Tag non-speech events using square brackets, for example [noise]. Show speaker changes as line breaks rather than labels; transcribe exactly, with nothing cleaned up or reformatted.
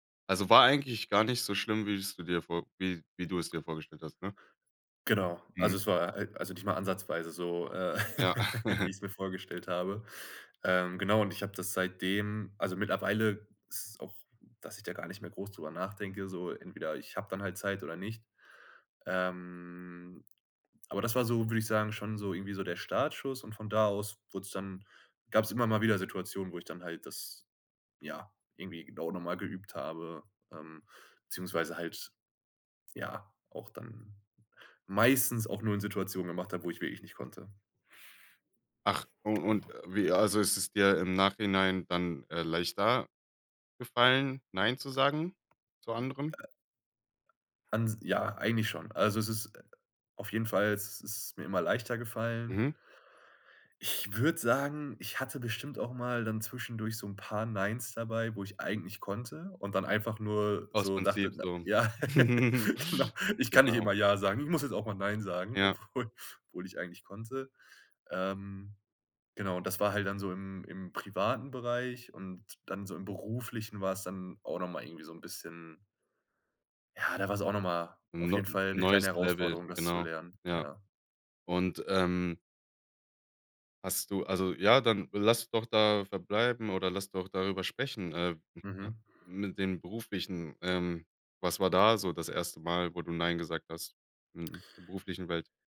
Also war eigentlich gar nicht so schlimm, wie es du dir vor wie wie du es dir vorgestellt hast, ne?
Genau, also
Mhm.
es war halt also nicht mal ansatzweise so, äh,
Ja.
[chuckles] wie
[chuckles]
ich's mir vorgestellt habe. Ähm, genau, und ich habe das seitdem also mittlerweile ist es auch, dass ich da gar nicht mehr groß drüber nachdenke so entweder ich habe dann halt Zeit oder nicht. Ähm, aber das war so, würde ich sagen, schon so irgendwie so der Startschuss und von da aus wurd's dann gab's immer mal wieder Situationen, wo ich dann halt das, ja, irgendwie genau noch mal geübt habe ähm, beziehungsweise halt, ja, auch dann meistens auch nur in Situationen gemacht habe, wo ich wirklich nicht konnte.
Ach un und wie also ist es dir im Nachhinein dann, äh, leichter gefallen, nein zu sagen zu anderen?
Ans ja, eigentlich schon. Also, es ist äh, auf jeden Fall es ist mir immer leichter gefallen.
Mhm.
Ich würde sagen, ich hatte bestimmt auch mal dann zwischendurch so 'n paar Neins dabei, wo ich eigentlich konnte, und dann einfach nur
Aus
so dachte
Prinzip
na
so.
ja,
[chuckles]
[chuckles] genau. Ich kann nicht
Genau.
immer Ja sagen, ich muss jetzt auch mal Nein sagen,
Ja.
obwohl obwohl ich eigentlich konnte. Ähm, genau, und das war halt dann so im im privaten Bereich und dann so im Beruflichen war's dann auch noch mal irgendwie so 'n bisschen ja, da war's auch noch mal
'N
auf
neu
jeden
'n
Fall 'ne
neues
kleine
Level,
Herausforderung, das zu
genau.
lernen,
Ja.
ja.
Und, ähm hast du also ja, dann lass doch da verbleiben oder lass doch darüber sprechen äh, [unintelligible]
Mhm.
mit dem Beruflichen. Ähm, was war da so das erste Mal, wo du nein gesagt hast in der beruflichen Welt?